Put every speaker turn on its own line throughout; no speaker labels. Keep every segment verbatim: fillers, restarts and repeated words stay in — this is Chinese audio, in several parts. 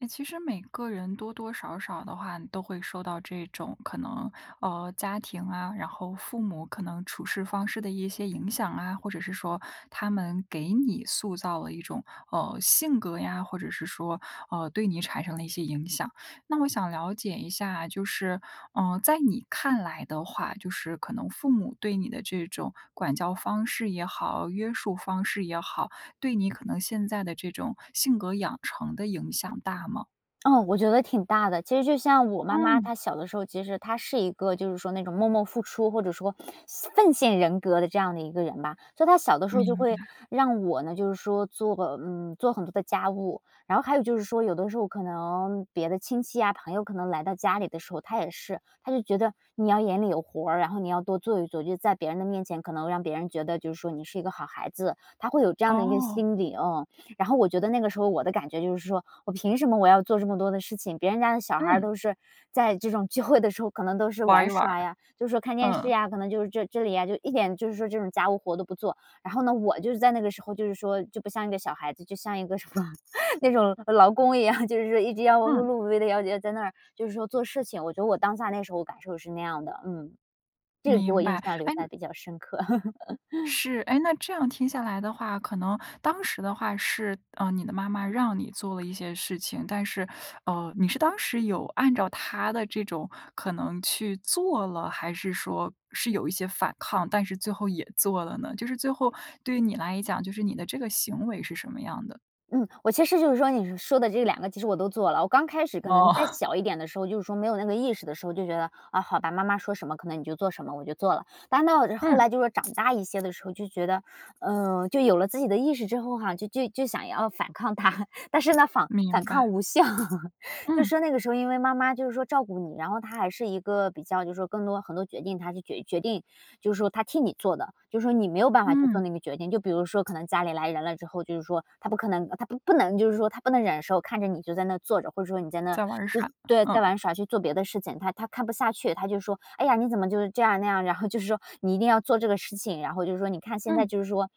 哎，其实每个人多多少少的话，都会受到这种可能，呃，家庭啊，然后父母可能处事方式的一些影响啊，或者是说他们给你塑造了一种，呃，性格呀，或者是说，呃，对你产生了一些影响。那我想了解一下，就是，呃，在你看来的话，就是可能父母对你的这种管教方式也好，约束方式也好，对你可能现在的这种性格养成的影响大吗？
哦，我觉得挺大的。其实就像我妈妈
嗯。
她小的时候，其实她是一个就是说，那种默默付出，或者说奉献人格的这样的一个人吧。所以她小的时候就
明
会
白。
让我呢就是说做，嗯，做很多的家务，然后还有就是说有的时候可能别的亲戚呀朋友可能来到家里的时候，她也是，她就觉得你要眼里有活儿，然后你要多做一做，就是在别人的面前可能让别人觉得就是说你是一个好孩子，她会有这样的一个
哦。
心理哦。然后我觉得那个时候我的感觉就是说，我凭什么我要做这么多的事情？别人家的小孩儿
嗯。
都是在这种聚会的时候，可能都是
玩
玩
一玩。
耍呀，就是说看电视
嗯。
呀，可能就是这这里呀一点，就是说这种家务活都不做，然后呢我就是在那个时候就是说就不像一个小孩子，就像一个什么，那种劳工一样，就是说一直要碌
嗯。
碌无为地要在那儿就是说做事情。我觉得我当下那时候感受是那样的，嗯，这个给
明
我印
白，
象留
哎
下比较深刻。
是，哎，那这样听下来的话，可能当时的话是，呃，你的妈妈让你做了一些事情，但是，呃，你是当时有按照她的这种可能去做了？还是说是有一些反抗，但是最后也做了呢？就是最后对于你来讲，就是你的这个行为是什么样的？
嗯，我其实就是说，你说的这两个其实我都做了。我刚开始可
哦。
能再 小一点的时候，就是说没有那个意识的时候，就觉得，哦，好吧，妈妈说什么可能你就做什么，我就做了。但到后
嗯。
来就是长大一些的时候，就觉得，嗯，就有了自己的意识之后哈，就就想要反抗她，但是呢，反反
明白。
抗无效。就是
嗯。
说那个时候因为妈妈就是说照顾你，然后她还是一个，比较就是说更多很多决定，她就决决定。就是说她替你做的，就说你没有办法去做
嗯。
那个决定，就比如说可能家里来人了之后，就是说她不可能，她不不能就是说她不能忍受，看着你就在那坐着，或者说你在那
在玩耍，
对，在
嗯。
玩耍去做别的事情。她她看不下去，她就说，哎呀，你怎么就这样，那样，然后就是说，你一定要做这个事情，然后就是说你看现在
嗯。
就是说，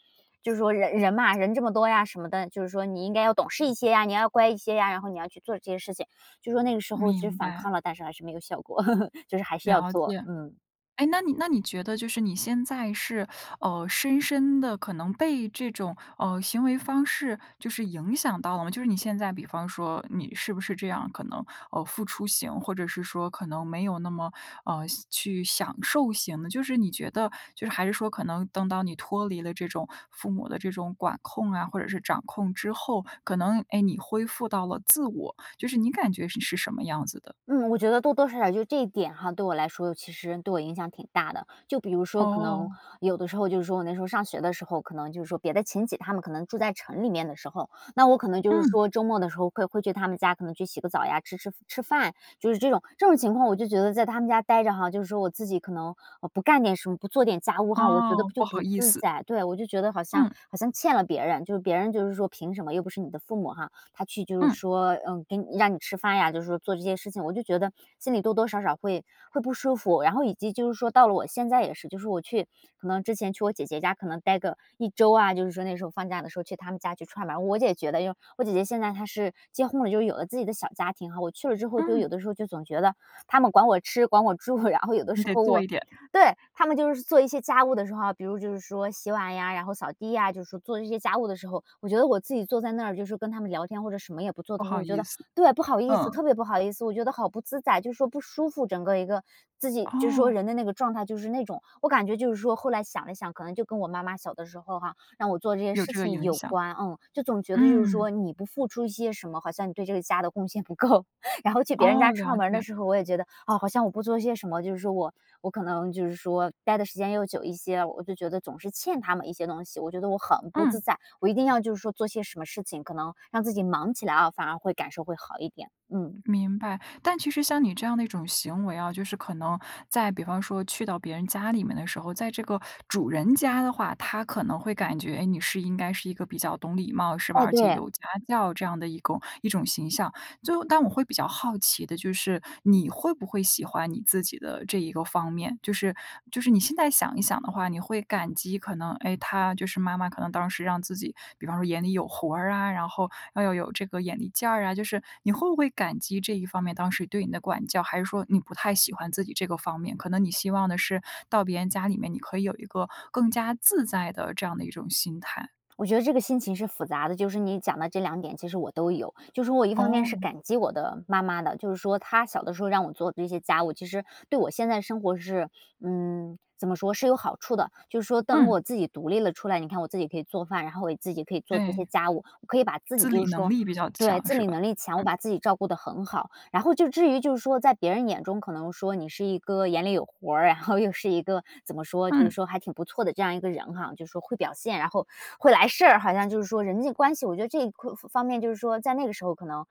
就是说人人嘛，人这么多呀什么的，就是说你应该要懂事一些呀，你要乖一些呀，然后你要去做这些事情。就说那个时候是
明
反
白。
抗了，但是还是没有效果，就是还是要
了
做，
解，
嗯。
诶，那你那你觉得就是你现在是，呃，深深地可能被这种，呃，行为方式，就是影响到了吗？就是你现在比方说，你是不是这样可能，呃，付出型，或者是说可能没有那么，呃，去享受型的。就是你觉得就是还是说，可能等到你脱离了这种父母的这种管控啊，或者是掌控之后，可能，诶，你恢复到了自我，就是你感觉你是什么样子的？
嗯，我觉得多多少少就这一点哈，对我来说，其实对我影响挺大的。就比如说可能，
哦。
有的时候就是说我那时候上学的时候，可能就是说别的亲戚他们可能住在城里面的时候，那我可能就是
嗯。
说周末的时候会会去他们家可能去洗个澡呀，吃吃吃饭，就是这种，这种情况我就觉得在他们家待着哈。就是说我自己可能，呃，不干点什么，不做点家务哈，我觉得
哦，
就
不好
不
意
自
思。
在。对，我就觉得好像
嗯。
好像欠了别人，就别人就是说，凭什么又不是你的父母哈。他去就是
嗯。
说嗯，给让你吃饭呀，就是说做这些事情，我就觉得，心里多多少少会会不舒服。然后以及就是说到了我现在也是，就是我去可能之前去我姐姐家可能呆个，一周啊，就是说那时候放假的时候去他们家去串门儿。我姐觉得就我姐姐现在她是结婚了，就有了自己的小家庭哈，我去了之后就
嗯。
有的时候就总觉得，他们管我吃管我住，然后有的
你
时
得
候
做
我
一点。
对！他们就是做一些家务的时候啊，比如就是说洗碗呀，然后扫地呀，就是做一些家务的时候，我觉得我自己坐在那儿就是跟他们聊天，或者什么也不做
不
的时候，
好
我觉
意
得
思，
对，不好意思，
嗯。
特别不好意思。我觉得好不自在，就是说不舒服整个儿一个儿，自己就是说
哦。
人的那个状态就是那种。我感觉就是说后来想了想，可能就跟我妈妈小的时候哈，让我做这些
有
事
这个
情
影
有
响，
关，嗯，就总觉得就是
嗯。
说你不付出一些什么，好像你对这个家的贡献不够。然后去别人
哦，
家
了
串门儿的
解。
时候，我也觉得，哦，好像我不做些什么，就是说我我可能就是说，待的时间又久一些，我就觉得总是欠他们一些东西，我觉得我很不自
嗯。
在。我一定要就是说做些什么事情，可能让自己忙起来哦，反而会感受会好一点，嗯。
明白，但其实像你这样的一种行为啊，就是可能在比方说去到别人家里面的时候，在这个主人家的话，他可能会感觉你是应该是一个比较懂礼貌是吧？
哎，
而且
对。
有家教这样的一种一种形象。最后但我会比较好奇的就是，你会不会喜欢你自己的这一个方面？就是就是你现在想一想的话，你会感激可能，诶，她就是妈妈可能当时让自己，比方说眼里有活儿啊，然后，要有这个眼力见儿啊。就是你会不会感激这一方面当时对你的管教，还是说你不太喜欢自己这个方面，可能你希望的是到别人家里面，你可以有一个更加自在的这样的一种心态？
我觉得这个心情是复杂的，就是你讲的这两点其实我都有。就是我一方面是
哦。
感激我的妈妈的，就是说她小的时候让我做这些家务，其实，对我现在生活是，嗯，怎么说是有好处的。就是说当
嗯。
我自己独立了出来，你看我自己可以做饭，然后我自己可以做这些
对。
家务，我可以把自己
自
就
理
是
能
说
力比较
对，
强
自
是
理
吧？
能力强，我
嗯。
把自己照顾得很好。然后就至于就是说，在别人眼中可能说你是一个眼里有活儿，然后又是一个，怎么说就是
嗯。
说还挺不错的这样一个人哈。就是说会表现，然后会来事儿，好像就是说人际关系，我觉得这方方面就是说在那个时候可能，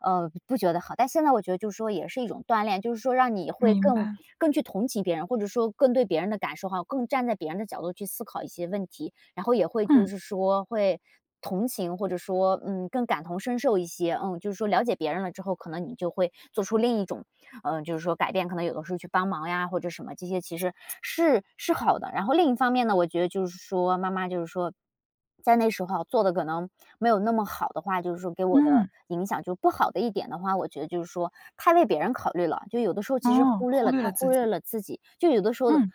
呃，不觉得好。但现在我觉得就是说也是一种锻炼，就是说让你会
明
更
白。
更去同情别人，或者说更对别人的感受哈，更站在别人的角度去思考一些问题。然后也会就
嗯。
是说，会同情，或者说，嗯，更感同身受一些，嗯，就是说了解别人了之后，可能你就会做出另一种，呃，就是说改变。可能有的时候去帮忙呀或者什么这些其实，是是好的，然后另一方面呢，我觉得就是说妈妈就是说，在那时候做的可能，没有那么好的话，就是说给我的
嗯。
影响就不好的一点的话，我觉得就是说，太为别人考虑了，就有的时候其实
哦，
忽略
忽
了
略
太
了自
忽略
己。
了自己。就有的时候，
嗯。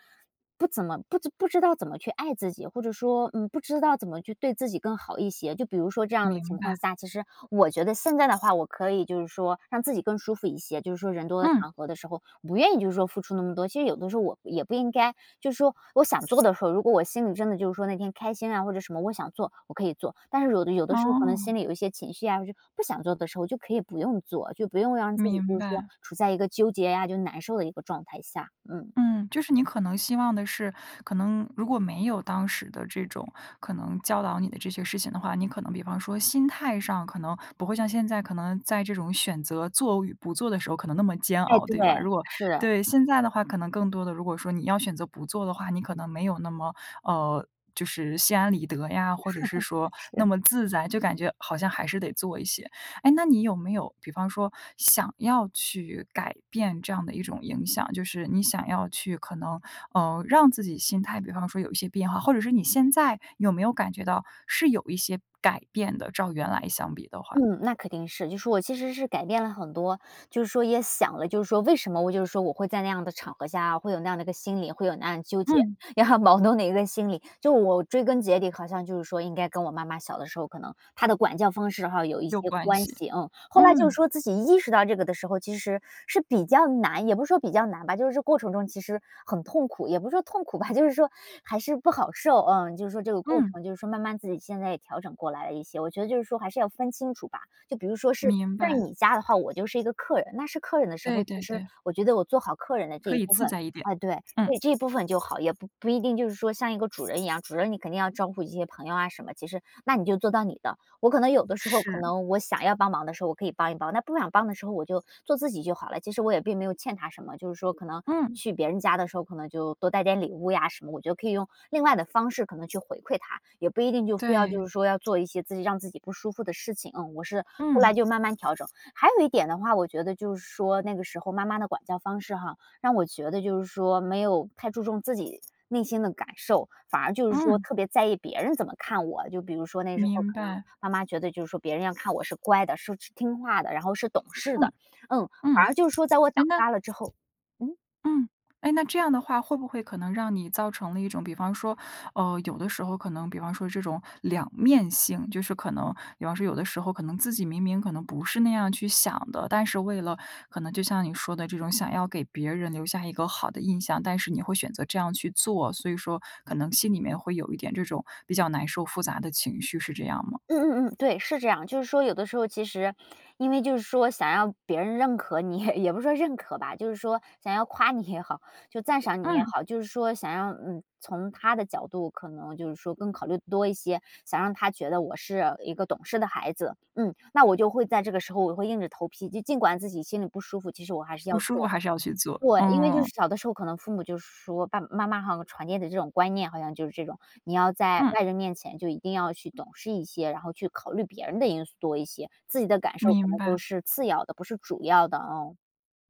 不怎么，不不知道怎么去爱自己，或者说，嗯，不知道怎么去对自己更好一些。就比如说这样的
明
情
白。
况下，其实，我觉得现在的话我可以就是说，让自己更舒服一些，就是说人多的
嗯。
场合的时候，不愿意就是说付出那么多。其实有的时候我，也不应该，就是说我想做的时候，如果我心里真的就是说那天开心啊或者什么我想做，我可以做，但是有的有的时候可能
哦。
心里有一些情绪呀，就不想做的时候就可以不用做。就不用让自己
明
就是说，
白。
处在一个纠结呀，就难受的一个状态下，嗯。
嗯，就是你可能希望的是，可能如果没有当时的这种可能教导你的这些事情的话，你可能比方说心态上可能不会像现在可能在这种选择做与不做的时候可能那么煎
哎，
熬，
对，
对吧。如果
是。
对，现在的话可能更多的如果说你要选择不做的话，你可能没有那么，呃，就是心安理得呀，或者是说 那
是。
么自在，就感觉好像还是得做一些。诶，那你有没有，比方说，想要去改变这样的一种影响？就是你想要去，可能，呃，让自己心态比方说有一些变化。或者是你现在，有没有感觉到是有一些改变的，照原来相比的话？
嗯，那肯定是，就是我其实是改变了很多。就是说也想了，就是说，为什么我就是说我会在那样的场合下，会有那样的一个心理，会有那样的纠结，
嗯。
也很矛盾的一个心理。就我追根结底好像就是说应该跟我妈妈小的时候，可能她的管教方式哈有一
有
些
关
关
系，
系。嗯，后来就
嗯。
说自己意识到这个的时候其实，是比较难也不是说比较难吧，就是这过程中其实很痛苦也不是说痛苦吧，就是说，还是不好受，嗯。就是说这个过
嗯。
程，就是说慢慢自己现在也调整过来了一些，我觉得就是说还是要分清楚吧。就比如说是，
明
在
白。
你家的话，我就是一个客人，那是客人的时候，
对
其
对
实，
对。
我觉得我做好客人的这
可
一
以
部
自
分。
在一点。
哎，对，
嗯。
这一部分就好，也不不一定就是说像一个主人一样，主人你肯定要照顾一些朋友啊什么，其实那你就做到你的。我可能有的时候可
是。
能，我想要帮忙的时候，我可以帮一帮，那不想帮的时候我就做自己就好了。其实我也并没有欠他什么，就是说可能
嗯。
去别人家的时候，可能就多带点礼物呀什么，我就可以用，另外的方式可能去回馈他。也不一定就非要
对。
就是说要做一些自己让自己不舒服的事情，嗯。我是，后
嗯。
来就慢慢调整，还有一点的话，我觉得就是说那个时候妈妈的管教方式哈，让我觉得就是说没有太注重自己内心的感受，反而就是说
嗯。
特别在意别人怎么看我。就比如说那时候
明
可能，
白。
妈妈觉得就是说别人要看我是乖的，是是听话的，然后是懂事的，
嗯，
嗯。
嗯，
反而就是说在我长
诶，那
大了之后，嗯。
嗯。诶，那这样的话会不会可能让你造成了一种，比方说，呃，有的时候可能比方说，这种两面性。就是可能比方说，有的时候可能自己明明可能不是那样去想的，但是为了可能就像你说的这种想要给别人留下一个好的印象，但是你会选择这样去做，所以说可能心里面会有一点这种比较难受复杂的情绪，是这样吗？
嗯嗯嗯，对，是这样。就是说有的时候其实，因为就是说想让别人认可你，也不是说认可吧，就是说想要夸你也好，就是说赞赏你也
嗯。
好，就是说想要，嗯，从她的角度，可能就是说更考虑多一些，想让她觉得我是一个懂事的孩子。嗯，那我就会在这个时候我会硬着头皮，就尽管自己心里不舒服，其实我还是
不
要
舒服
做。
还是要去做，
对，因为就
嗯。
是小的时候，可能父母就说，爸爸妈妈好像传递的这种观念，好像就是这种，你要在
嗯。
外人面前就一定要去懂事一些，然后去考虑别人的因素多一些，自己的感受可
明
能都
白。
是次要的，不是主要的，嗯。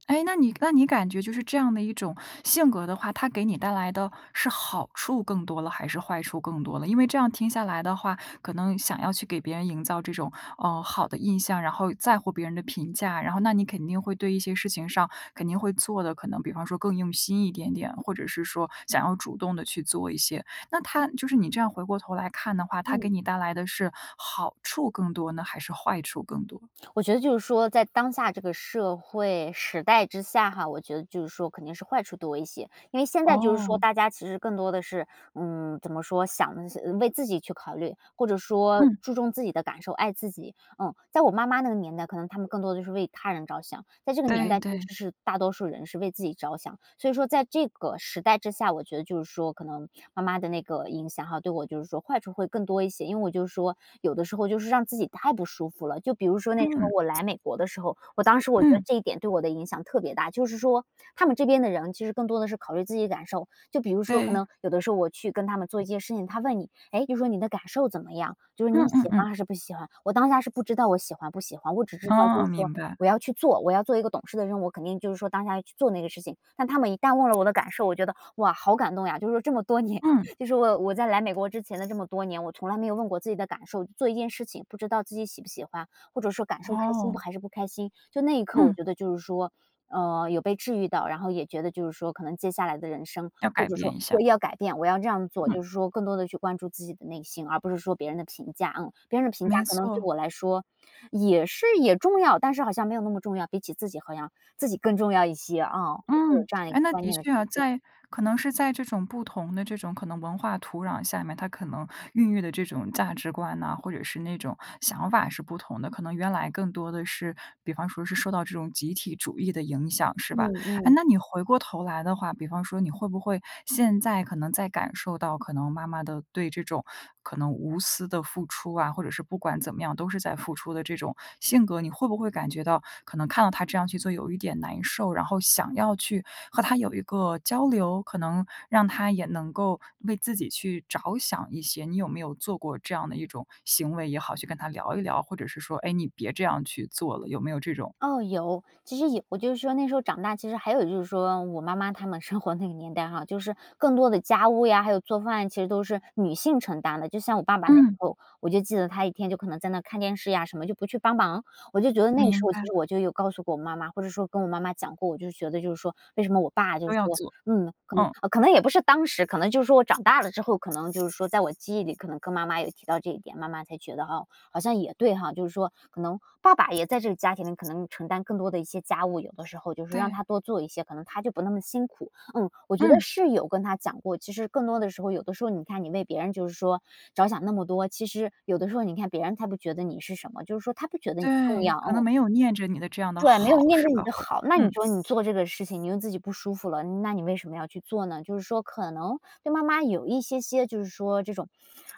诶，那你那你感觉就是这样的一种性格的话，它给你带来的是好处更多了，还是坏处更多了？因为这样听下来的话，可能想要去给别人营造这种，呃，好的印象，然后在乎别人的评价，然后那你肯定会对一些事情上肯定会做的，可能比方说，更用心一点点，或者是说想要主动地去做一些。那它就是你这样回过头来看的话，它
嗯。
给你带来的是，好处更多呢，还是坏处更多？
我觉得就是说在当下这个社会时代之下哈，我觉得就是说肯定是坏处多一些。因为现在就是说
哦。
大家其实更多地是，嗯，怎么说？想为自己去考虑，或者说
嗯。
注重自己的感受，爱自己，嗯。在我妈妈那个年代，可能他们更多地就是为他人着想，在这个年
对
代其
对。
实是大多数人是为自己着想。所以说在这个时代之下，我觉得就是说可能，妈妈的那个影响哈，对我就是说坏处会更多一些。因为我就是说有的时候让自己太不舒服了。就比如说那时候
嗯。
我来美国的时候，我当时我觉得
嗯。
这一点对我的影响特别大。就是说他们这边的人，其实更多地是考虑自己的感受。就比如说可
对。
能有的时候我去跟他们做一些事情，他问你说，诶，就是说你的感受怎么样？就是说
嗯
你喜
嗯嗯。
欢还是不喜欢？我当下是不知道我喜欢不喜欢。我只知道就
哦，
是说
明白。
我要去做，我要做一个懂事的人，我肯定就是说当下去做那个事情。但他们一旦问了我的感受，我觉得，哇，好感动呀。就是说这么多年，
嗯。
其实我我在来美国之前的这么多年，我从来没有问过自己的感受，做一件事情，不知道自己喜不喜欢，或者说感受开心
哦。
还是不开心，就那一刻我
嗯。
觉得就是说，嗯，有被治愈到。然后也觉得就是说可能接下来的人生，
要
或
改
者
变
说
一下。
对，要改变，我要这样做，
嗯。
就是说更多地去关注自己的内心，而不是说别人的评价，嗯。别人的评价
没
可能对
错。
我来说，也是也重要，但是好像没有那么重要，比起自己，好像自己更重要一些，嗯，会有
嗯，
这样一
哎，
个
那
观
的
念的
确
转
啊。
变。
在可能是在这种不同的这种可能文化土壤下面，它可能孕育的这种价值观呐，或者是那种想法是不同的。可能原来更多的是，比方说是受到这种集体主义的影响，是
嗯
吧？诶，
嗯。
那你回过头来的话，比方说你会不会，现在可能在感受到可能妈妈的对这种可能无私的付出啊，或者是不管怎么样，都是在付出的这种性格，你会不会感觉到可能看到她这样去做有一点难受，然后想要去和她有一个交流，可能让她也能够为自己去着想一些。你有没有做过这样的一种行为也好，去跟她聊一聊，或者是说，哎，你别这样去做了，有没有这种？
哦，有。其实有我就是说那时候长大，其实还有就是说我妈妈她们生活那个年代哈，就是更多的家务呀，还有做饭呀，其实都是女性承担的。就像我爸爸那时
嗯。
候，我就记得他一天就可能在那看电视呀什么，就不去帮忙。我就觉得那个时
明
候
白。
其实我就有告诉过我妈妈，或者说跟我妈妈讲过。我就觉得就是说，为什么我爸就
都要
说，
做，
嗯可能
嗯。
可能也不是当时，可能就是说我长大了之后可能就是说在我记忆里可能跟妈妈有提到这一点，妈妈才觉得，哦，好像也对哈。就是说可能爸爸也在这个家庭里可能承担更多的一些家务，有的时候就是让
对。
他多做一些，可能她就不那么辛苦，嗯，我觉得
嗯。
是有跟她讲过。其实更多的时候，有的时候你看你为别人就是说着想那么多，其实有的时候你看别人他不觉得你是什么，就是说他不觉得你重
对，
要，
可能
嗯。
没有念着你的这样的
对，没有
好，
念
是
对你
吧？
的
会
好，那你
嗯。
说你做这个事情，你又自己不舒服了，那你为什么要去做呢。就是说可能对妈妈有一些些，就是说这种，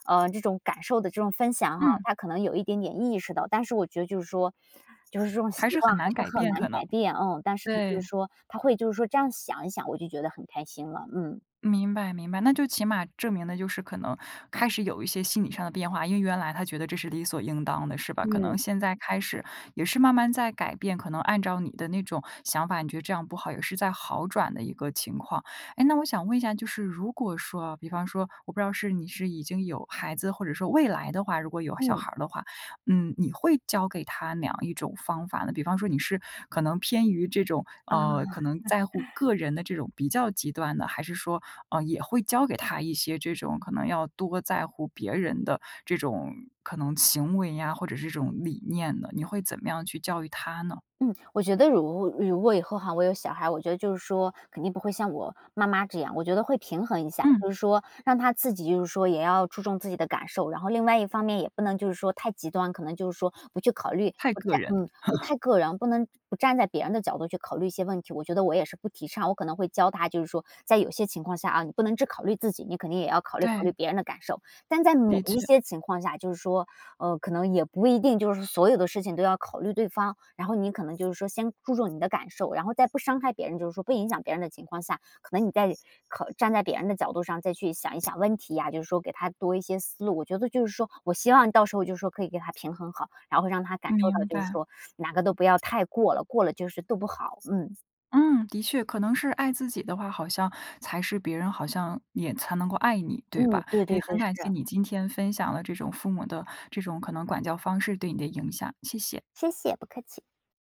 呃，这种感受的这种分享哈，
嗯。
她可能有一点点意识到。但是我觉得就是说，就是这种习
还是
惯
很
还
难改
是很
变，
难
可能。
改变，嗯，但是就是
对。
说她会就是说这样想一想，我就觉得很开心了，嗯。
明白明白，那就起码证明了，就是可能开始有一些心理上的变化，因为原来她觉得这是理所应当的，是吧？可能
嗯。
现在开始，也是慢慢在改变，可能按照你的那种想法，你觉得这样不好也是在好转的一个情况。诶，那我想问一下，就是如果说哦，比方说，我不知道是你是已经有孩子，或者说未来的话，如果有小
嗯。
孩儿的话，嗯，你会教给他哪样一种方法呢？比方说，你是可能偏于这种，
哦。
呃，可能在乎 个人的这种比较极端的，还是说，呃，也会教给他一些这种可能要多在乎别人的这种可能行为呀，或者是这种理念呢，你会怎么样去教育他呢？
嗯，我觉得如如果以后哈我有小孩哈，我觉得就是说肯定不会像我妈妈这样。我觉得会平衡一下，
嗯。
就是说让他自己就是说也要注重自己的感受，然后另外一方面也不能就是说太极端，可能就是说不去考虑
太
不
个
太
人。
嗯，对，太个人，不能不站在别人的角度去考虑一些问题，我觉得我也是不提倡。我可能会教他就是说在有些情况下啊，你不能只考虑自己，你肯定也要考虑考虑
对。
别人的感受。但在某
的
一
确。
些情况下，就是说，呃，可能也不一定就是所有的事情都要考虑对方，然后你可能就是说先注重你的感受，然后在不伤害别人，就是说不影响别人的情况下，可能你在站在别人的角度上再去想一想问题呀，就是说给他多一些思路。我觉得就是说我希望到时候就是说可以给他平衡好，然后让他感受到
明
就是
白。
说，哪个都不要太过了，过了就是都不好，嗯。
嗯，的确。可能是爱自己的话，好像才是别人好像也才能够爱你，对
嗯，
吧？
对
哎，也
对
很
对，
感谢
是。
你今天分享了这种父母的这种，可能管教方式对你的影响，谢谢。
谢谢，不客气。